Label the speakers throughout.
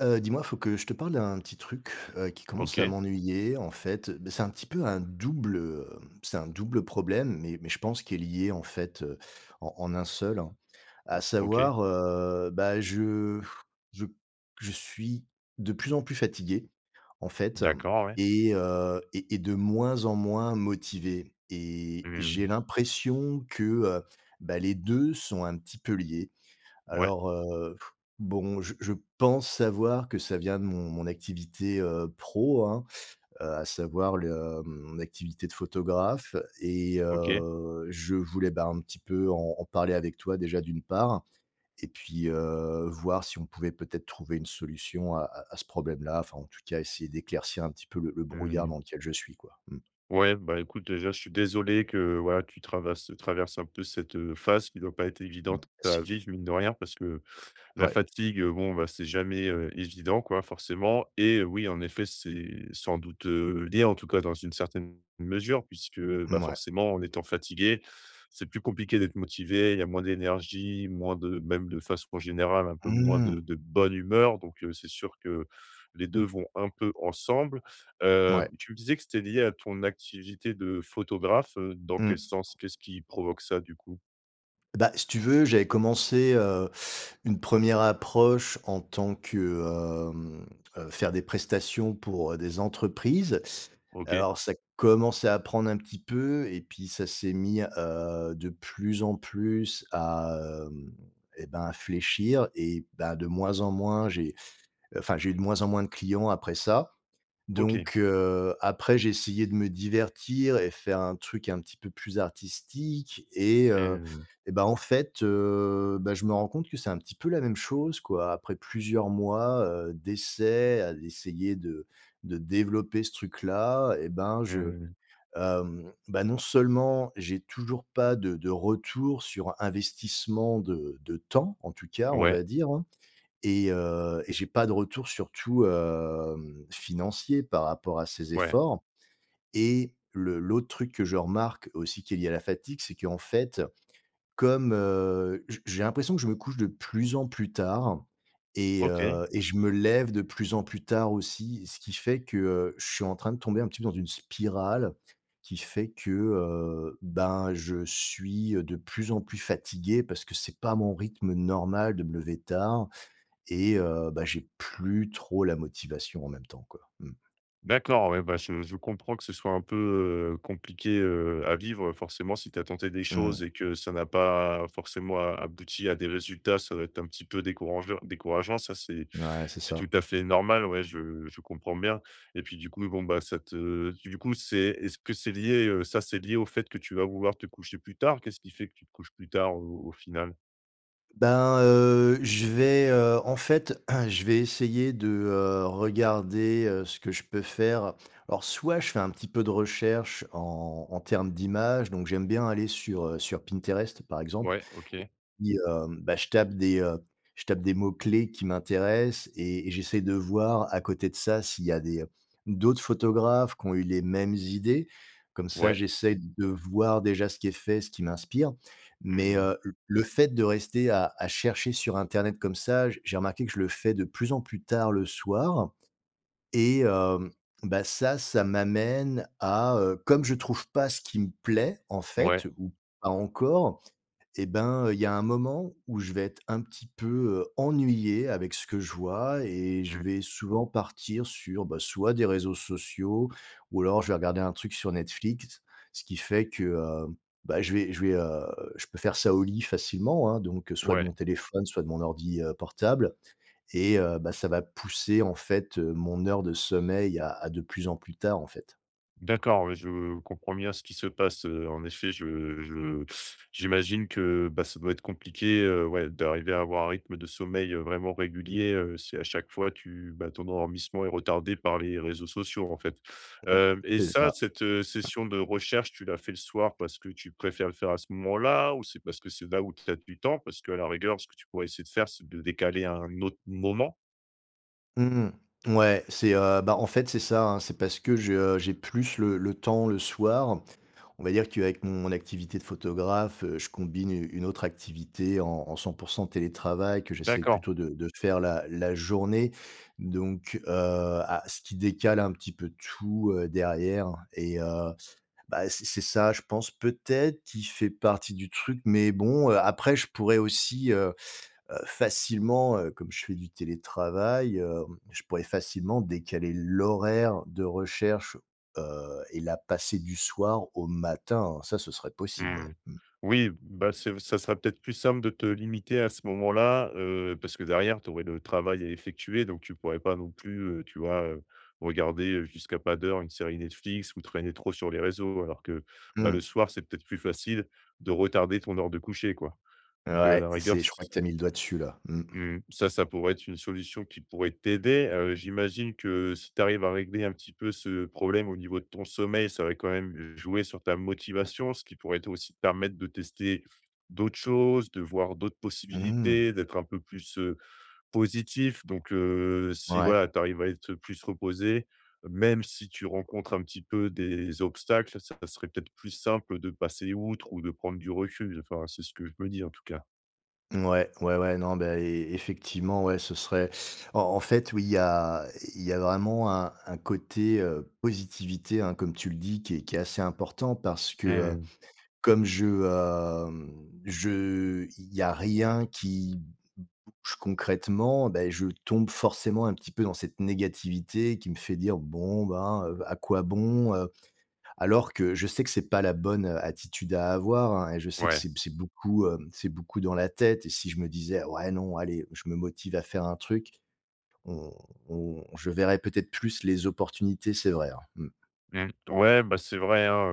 Speaker 1: Heu, dis-moi, faut que je te parle d'un petit truc, heu, qui commence à
Speaker 2: OK.
Speaker 1: m'ennuyer. En fait, bah, c'est un petit peu un double, heu, c'est un double problème, mais mais je pense qui est lié en fait, heu, en en un seul, hein.
Speaker 2: O
Speaker 1: À
Speaker 2: OK.
Speaker 1: savoir, heu, bah, je je je suis de plus en plus fatigué en fait
Speaker 2: D'accord, ouais.
Speaker 1: et heu, et et de moins en moins motivé et
Speaker 2: Mmh
Speaker 1: j'ai
Speaker 2: mh.
Speaker 1: l'impression que, heu, bah, les 2 sont un petit peu liés.
Speaker 2: Ouais.
Speaker 1: Alors, heu bon, je je pense savoir que ça vient de mon mon activité, heu, pro, hein, heu, à savoir le, mmh, mon activité de photographe et
Speaker 2: OK.
Speaker 1: heu, je voulais, ben, un petit peu en en parler avec toi déjà d'une part et puis, heu, voir si on pouvait peut-être trouver une solution à à à ce problème-là. Enfin en tout cas essayer d'éclaircir un petit peu le le
Speaker 2: Mmh
Speaker 1: brouillard
Speaker 2: mh.
Speaker 1: dans lequel je suis quoi, mmh.
Speaker 2: Ouais, bah, écoute, déjà je suis désolé que voilà, tu travarse traverses un peu cette, heu, phase qui doit pas être
Speaker 1: Mmh.
Speaker 2: évidente à
Speaker 1: [unintelligible]
Speaker 2: vivre, mine de rien parce que la
Speaker 1: Ouais.
Speaker 2: fatigue, bon, bah, c'est jamais, heu, évident quoi forcément, et oui, en effet, c'est sans doute, heu, lié, en tout cas dans une certaine mesure puisque, bah,
Speaker 1: Mouais.
Speaker 2: forcément en étant fatigué c'est plus compliqué d'être motivé, il y a moins d'énergie, moins de même de façon générale un peu moins
Speaker 1: Mmh.
Speaker 2: de de bonne humeur, donc, heu, c'est sûr que les 2 vont un peu ensemble. Heu,
Speaker 1: Ouais.
Speaker 2: tu me disais que c'était lié à ton activité de photographe, heu, dans quel
Speaker 1: Mmh.
Speaker 2: sens? Qu'est-ce qui provoque ça du coup?
Speaker 1: Bah, si tu veux, j'avais commencé, heu, une 1re approche en tant que, hem, heu, faire des prestations pour, heu, des entreprises.
Speaker 2: OK.
Speaker 1: Alors, ça commençait à prendre un petit peu et puis ça s'est mis, heu, de plus en plus à, hem et ben, à fléchir et bah, de moins en moins j'ai, enfin, j'ai eu de moins en moins de clients après ça.
Speaker 2: OK.
Speaker 1: Donc, heu, après j'ai essayé de me divertir et faire un truc un petit peu plus artistique et heu
Speaker 2: Mmh.
Speaker 1: et ben, en fait, heu, bah, je me rends compte que c'est un petit peu la même chose quoi. Après plusieurs mois, heu, d'essais à essayer de de développer ce truc-là et ben je
Speaker 2: Mmh.
Speaker 1: hem, bah, non seulement j'ai toujours pas de de retour sur investissement de de temps, en tout cas on
Speaker 2: Ouais.
Speaker 1: va dire hein et heu, et j'ai pas de retour surtout, hem, financier par rapport à ces
Speaker 2: Ouais.
Speaker 1: efforts, et le l'autre truc que je remarque aussi, qui est lié à la fatigue c'est qu'en fait comme, heu, j j'ai l'impression que je me couche de plus en plus tard et
Speaker 2: OK.
Speaker 1: heu et je me lève de plus en plus tard aussi ce qui fait que, heu, je suis en train de tomber un petit peu dans une spirale, qui fait que, heu, ben, je suis, heu, de plus en plus fatigué parce que c'est pas mon rythme normal de me lever tard, et heu, bah, j'ai plus trop la motivation en même temps quoi, mmh.
Speaker 2: D'accord ouais, bah, je je comprends que ce soit un peu, heu, compliqué, heu, à vivre forcément si tu as tenté des choses
Speaker 1: Mmh.
Speaker 2: et que ça n'a pas forcément a abouti à des résultats, ça doit être un petit peu décourangeu décourageant. Ça c'est
Speaker 1: Ouais, c'est
Speaker 2: c'est
Speaker 1: ça.
Speaker 2: tout à fait normal, ouais je je comprends bien et puis du coup, bon bah, ça te du coup c'est est-ce que c'est lié, heu, ça c'est lié au fait que tu vas vouloir te coucher plus tard? Qu'est-ce qui fait que tu te couches plus tard au au final?
Speaker 1: Ben, heu, je vais, heu, en fait je vais essayer de, heu, regarder, heu, ce que je peux faire. Alors soit je fais un petit peu de recherches en en termes d'images, donc j'aime bien aller sur, heu, sur Pinterest par exemple
Speaker 2: Ouais, OK.
Speaker 1: et puis heu, bah, je tape des, heu, je tape des mots-clés qui m'intéressent et et j'essaye de voir, à côté de ça, s'il y a des, heu, d'autres photographes qui ont eu les mêmes idées. Comme ça
Speaker 2: Ouais.
Speaker 1: j'essaye de voir déjà ce qui est fait et ce qui m'inspire.
Speaker 2: Mmh
Speaker 1: Mais,
Speaker 2: mh.
Speaker 1: heu, l le fait de rester à à chercher sur Internet comme ça, j j'ai remarqué que je le fais de plus en plus tard le soir et hem, bah, ça, ça m'amène à, heu, comme je trouve pas ce qui me plaît en
Speaker 2: Ouais.
Speaker 1: fait, ou pas encore et ben, heu, il y a un moment où je vais être un petit peu, heu, ennuyé avec ce que je vois et je
Speaker 2: Mmh.
Speaker 1: vais souvent partir sur, bah, soit des réseaux sociaux ou alors je vais regarder un truc sur Netflix ce qui fait que, heu, bah, je vais je vais, heu, je peux faire ça au lit facilement, hein, donc, heu, soit de mon
Speaker 2: Ouais.
Speaker 1: téléphone, soit de mon ordi, heu, portable et heu, bah, ça va pousser en fait, heu, mon heure de sommeil à à de plus en plus tard, en fait.
Speaker 2: D'accord, ouais, je comprends bien ce qui se passe, heu, en effet, je je j'imagine que, bah, ça doit être compliqué, heu, ouais d'arriver à avoir un rythme de sommeil, heu, vraiment régulier, heu, si à chaque fois tu bah, ton endormissement est retardé par les réseaux sociaux en fait,
Speaker 1: Mmh,
Speaker 2: hem et
Speaker 1: c'est
Speaker 2: ça
Speaker 1: ça,
Speaker 2: cette
Speaker 1: mmh.
Speaker 2: session de recherche, tu la fais le soir parce que tu préfères le faire à ce moment-là? Ou c'est parce que c'est là où tu as du temps? Parce qu'à la rigueur, ce que tu pourrais essayer de faire, c'est de décaler à un autre moment?
Speaker 1: Mmh mh. Ouais, c'est, heu, bah, en fait, c'est ça, hein. C'est parce que je, heu, j'ai plus le le temps le soir. On va dire qu'avec mon activité de photographe, je combine une une autre activité en en 100% télétravail que j'essaye
Speaker 2: D'accord.
Speaker 1: plutôt de de faire la la journée donc, heu, à ce qui décale un petit peu tout, heu, derrière et heu, bah, c'est c'est ça, je pense, peut-être, qui fait partie du truc mais bon, heu, après, je pourrais aussi, heu, facilement, heu, comme je fais du télétravail, heu, je pourrais facilement décaler l'horaire de recherche, heu, et la passer du soir au matin, hein. Ça ce serait possible, ouais,
Speaker 2: Mmh,
Speaker 1: mmh.
Speaker 2: oui, bah, c'est v ça sera peut-être plus simple de te limiter à ce moment-là, heu, parce que derrière, tu aurais le travail à effectuer donc tu pourrais pas non plus, heu, tu vois? Heu, regarder jusqu'à pas d'heure une série Netflix ou traîner trop sur les réseaux. Alors que, bah,
Speaker 1: Mmh.
Speaker 2: le soir, c'est peut-être plus facile de retarder ton heure de coucher, quoi, donc, heu, à
Speaker 1: Ouais,
Speaker 2: la rigueur,
Speaker 1: c'est
Speaker 2: s
Speaker 1: je crois que tu as mis le doigt dessus, là. Mmh.
Speaker 2: Mmh ça ça pourrait être une solution qui pourrait t'aider. Heu, j'imagine que si tu arrives à régler un petit peu ce problème au niveau de ton sommeil, ça va quand même jouer sur ta motivation, ce qui pourrait aussi te permettre de tester d'autres choses, de voir d'autres
Speaker 1: Mmh.
Speaker 2: possibilités, d'être un peu plus, heu, positif donc, heu, si
Speaker 1: Ouais.
Speaker 2: voilà, tu arrives à être plus reposé, même si tu rencontres un petit peu des obstacles, ça serait peut-être plus simple de passer outre ou de prendre du recul. Enfin, c'est ce que je me dis, en tout cas.
Speaker 1: Ouais, ouais, ouais. Non, beh, é effectivement, ouais, ce serait en en fait, oui, il y a il y a vraiment un un côté, heu, positivité, hein, comme tu le dis, qui est qui est assez important parce que,
Speaker 2: Mmh
Speaker 1: heu,
Speaker 2: mh.
Speaker 1: comme je, hem je il y a rien qui bouge concrètement, ben, je tombe forcément un petit peu dans cette négativité qui me fait dire: «Bon, ben, heu, à quoi bon, heu». Alors, que je sais que c'est pas la bonne, heu, attitude à avoir, hein, et je sais que
Speaker 2: Ouais.
Speaker 1: c'est c'est beaucoup, hem, c'est beaucoup dans la tête et si je me disais: «Ouais, non, allez, je me motive à faire un truc», on on je verrai peut-être plus les opportunités. C'est vrai, hein. Mmh.
Speaker 2: Mmh. Ouais, bah, c'est vrai, hein,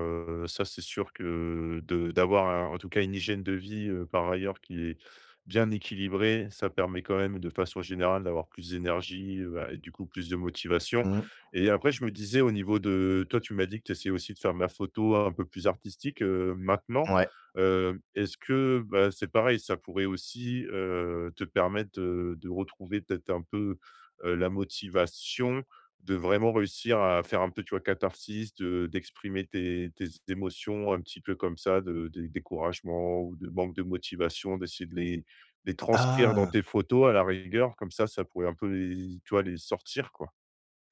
Speaker 2: heu, ça, c'est sûr que, heu, de d'avoir à, en tout cas, une hygiène de vie, heu, par ailleurs qui est bien équilibrée, ça permet quand même de façon générale d'avoir plus d'énergie, heu, bah, et du coup plus de motivation
Speaker 1: Mmh.
Speaker 2: et après, je me disais au niveau de, toi, tu m'as dit que tu essayais aussi de faire de ma photo un peu plus artistique, heu, maintenant,
Speaker 1: Ouais.
Speaker 2: heu, est-ce que bah, c'est pareil ça pourrait aussi, heu, te permettre de de retrouver peut-être un peu, heu, la motivation de vraiment réussir à faire un peu, tu vois, catharsis te d'exprimer tes tes émotions un petit peu comme ça, de dé découragement ou de manque de motivation, d'essayer de les les transcrire dans
Speaker 1: Ah!
Speaker 2: tes photos à la rigueur, comme ça, ça pourrait un peu les, tu vois, les sortir, quoi.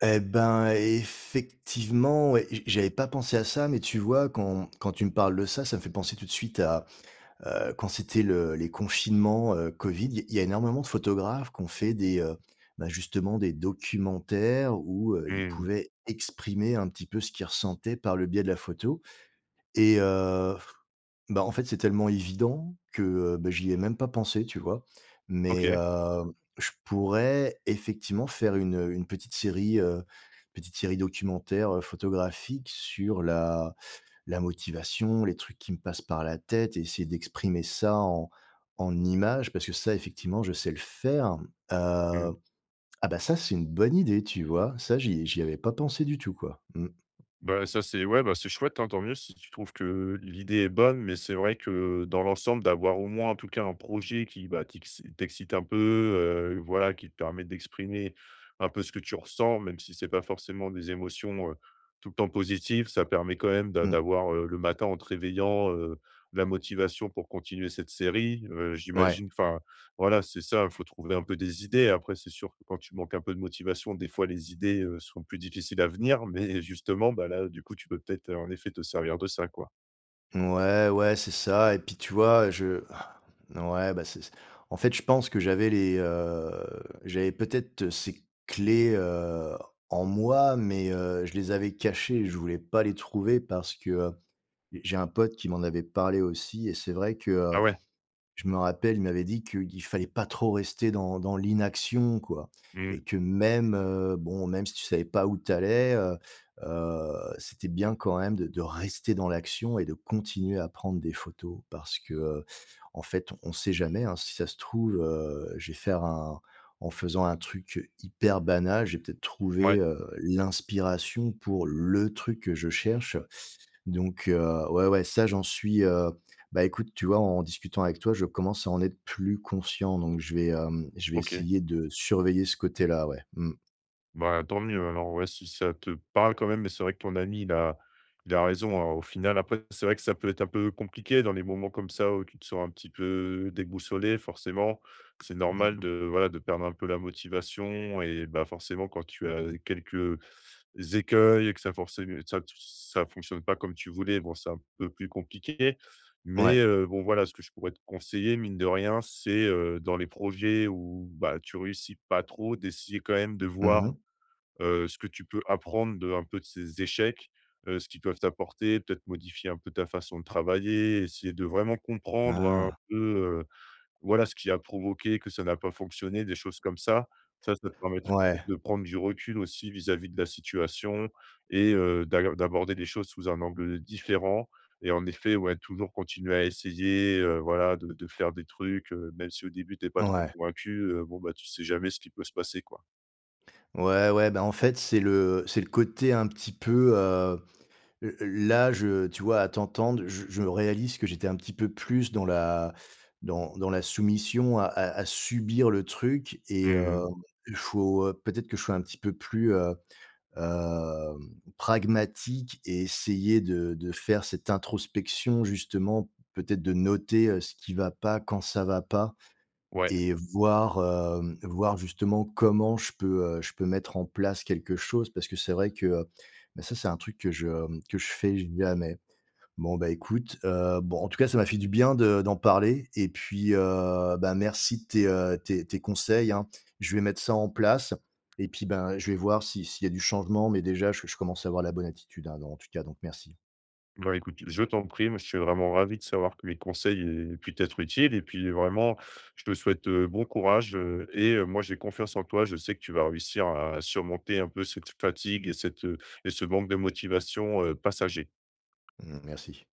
Speaker 1: Et ben, effectivement et et je j'avais pas pensé à ça. Mais, tu vois, quand quand tu me parles de ça, ça me fait penser tout de suite à, heu, quand c'était le les confinements, heu, COVID. Il y il y a énormément de photographes qu'ont fait des, heu, bah, justement des documentaires où, heu, ils
Speaker 2: Mmh.
Speaker 1: pouvaient exprimer un petit peu ce qu'ils ressentaient par le biais de la photo et heu, bah, en fait, c'est tellement évident que, heu, bah, j'y ai même pas pensé, tu vois? Mais,
Speaker 2: OK.
Speaker 1: heu, je pourrais, effectivement, faire une, heu, une petite série, heu, petite série documentaire, heu, photographique sur la la motivation, les trucs qui me passent par la tête et essayer d'exprimer ça en en images parce que ça, effectivement, je sais le faire, heu.
Speaker 2: Mmh.
Speaker 1: Ah bah, ça, c'est une bonne idée! Tu vois? Ça j'y j'y avais pas pensé du tout, quoi. Mmh.
Speaker 2: Bah, ça, c'est ouais. Bah, c'est chouette, hein. Tant mieux si tu trouves que, heu, l'idée est bonne. Mais, c'est vrai que, heu, dans l'ensemble d'avoir, au moins, en tout cas, un projet qui, bah, t'ixi t'excite un peu, heu, voilà, qui te permet d'exprimer un peu ce que tu ressens, même si c'est pas forcément des émotions, heu, tout le temps positives, ça permet quand même d'a
Speaker 1: Mmh.
Speaker 2: d'avoir, heu, le matin en te réveillant, heu, la motivation pour continuer cette série, heu.
Speaker 1: Ouais.
Speaker 2: J'imagine enfin, voilà, c'est ça, faut trouver un peu des idées. Après, c'est sûr que, quand tu manques un peu de motivation, des fois, les idées, heu, sont plus difficiles à venir. Mais, justement, bah, là, du coup, tu peux peut-être, heu, en effet, te servir de ça, quoi.
Speaker 1: Ouais, ouais, c'est ça et puis, tu vois, je ouais, bah, c'est en fait, je pense que j'avais les, heu, j'avais peut-être ces clés, heu, en moi. Mais, heu, je les avais cachées et je voulais pas les trouver parce que, heu, j'ai un pote qui m'en avait parlé aussi et c'est vrai que, heu,
Speaker 2: Ah ouais.
Speaker 1: je me rappelle, il m'avait dit qu'il fallait pas trop rester dans dans l'inaction, quoi
Speaker 2: Mmh.
Speaker 1: et que, même, heu, bon, même si tu savais pas où tu allais, heu, heu, c'était bien quand même de de rester dans l'action et de continuer à prendre des photos parce que, heu, en fait, on sait jamais, hein, si ça se trouve, heu, je vais faire un en faisant un truc hyper banal, j'ai peut-être trouvé,
Speaker 2: Ouais.
Speaker 1: heu, l'inspiration pour le truc que je cherche. Donc, heu, ouais, ouais, ça, j'en suis, heu bah, écoute, tu vois, en discutant avec toi, je commence à en être plus conscient donc je vais, hem, je vais
Speaker 2: OK.
Speaker 1: essayer de surveiller ce côté-là, ouais. Mmh.
Speaker 2: Bah, tant mieux alors, ouais, si ça te parle quand même. Mais, c'est vrai que ton ami, il a il a raison, hein, au final. Après, c'est vrai que ça peut être un peu compliqué dans les moments, comme ça, où tu te sens un petit peu déboussolé forcément. C'est
Speaker 1: Mmh.
Speaker 2: normal de, voilà, de perdre un peu la motivation et bah, forcément, quand tu as, heu, quelques écueils et que ça forcé, heu, ça f ça fonctionne pas comme tu voulais, bon, c'est un peu plus compliqué. Mais,
Speaker 1: Ouais.
Speaker 2: heu, bon, voilà ce que je pourrais te conseiller mine de rien. C'est, heu, dans les projets où, bah, tu réussis pas trop, d'essayer quand même de
Speaker 1: Mmh
Speaker 2: voir,
Speaker 1: mh.
Speaker 2: heu, ce que tu peux apprendre de un peu de ces échecs, heu, ce qu'ils peuvent t'apporter, peut-être modifier un peu ta façon de travailler, essayer de vraiment comprendre un
Speaker 1: Ah!
Speaker 2: peu, heu, voilà, ce qui a provoqué que ça n'a pas fonctionné, des choses comme ça. Ça, ça te permettrait
Speaker 1: Ouais.
Speaker 2: de prendre du recul aussi vis-à-vis de la situation et heu, d'aill d'aborder des choses sous un angle, heu, différent et en effet, ouais, toujours continuer à essayer, heu, voilà, de de faire des trucs, heu, même si au début tu es pas trop
Speaker 1: Ouais.
Speaker 2: convaincu, heu, bon, bah, tu sais jamais ce qui peut se passer, quoi.
Speaker 1: Ouais, ouais. Ben, en fait, c'est le c'est le côté un petit peu, hem, le là, je, tu vois, à t'entendre je je réalise que j'étais un petit peu plus dans la dans dans la soumission à à à subir le truc
Speaker 2: Mmh
Speaker 1: et heu,
Speaker 2: mh.
Speaker 1: il faut, heu, peut-être que je sois un petit peu plus, heu, hem, pragmatique et essayer de de faire cette introspection justement peut-être de noter, heu, ce qui va pas quand ça va pas
Speaker 2: Ouais.
Speaker 1: et voir, hem, voir justement, comment je peux, heu, je peux mettre en place quelque chose parce que c'est vrai que, heu, bah, ça, c'est un truc que je, hem, que je fais jamais. Bon, bah, écoute, heu, bon, en tout cas, ça m'a fait du bien de d'en parler et puis, heu, bah, merci de tes, heu, tes tes conseils, hein. Je vais mettre ça en place et puis, ben, je vais voir si, s'il y a du changement, mais, déjà je je commence à avoir la bonne attitude, hein. Donc, en tout cas, donc merci.
Speaker 2: Bah, écoute, je t'en prie. Moi, je suis vraiment ravi de savoir que mes conseils aient pu t'être utiles et puis, vraiment, je te souhaite, heu, bon courage, heu, et heu, moi, j'ai confiance en toi. Je sais que tu vas réussir à surmonter un peu cette fatigue et cette, heu et ce manque de motivation, heu, passager.
Speaker 1: Mmh merci.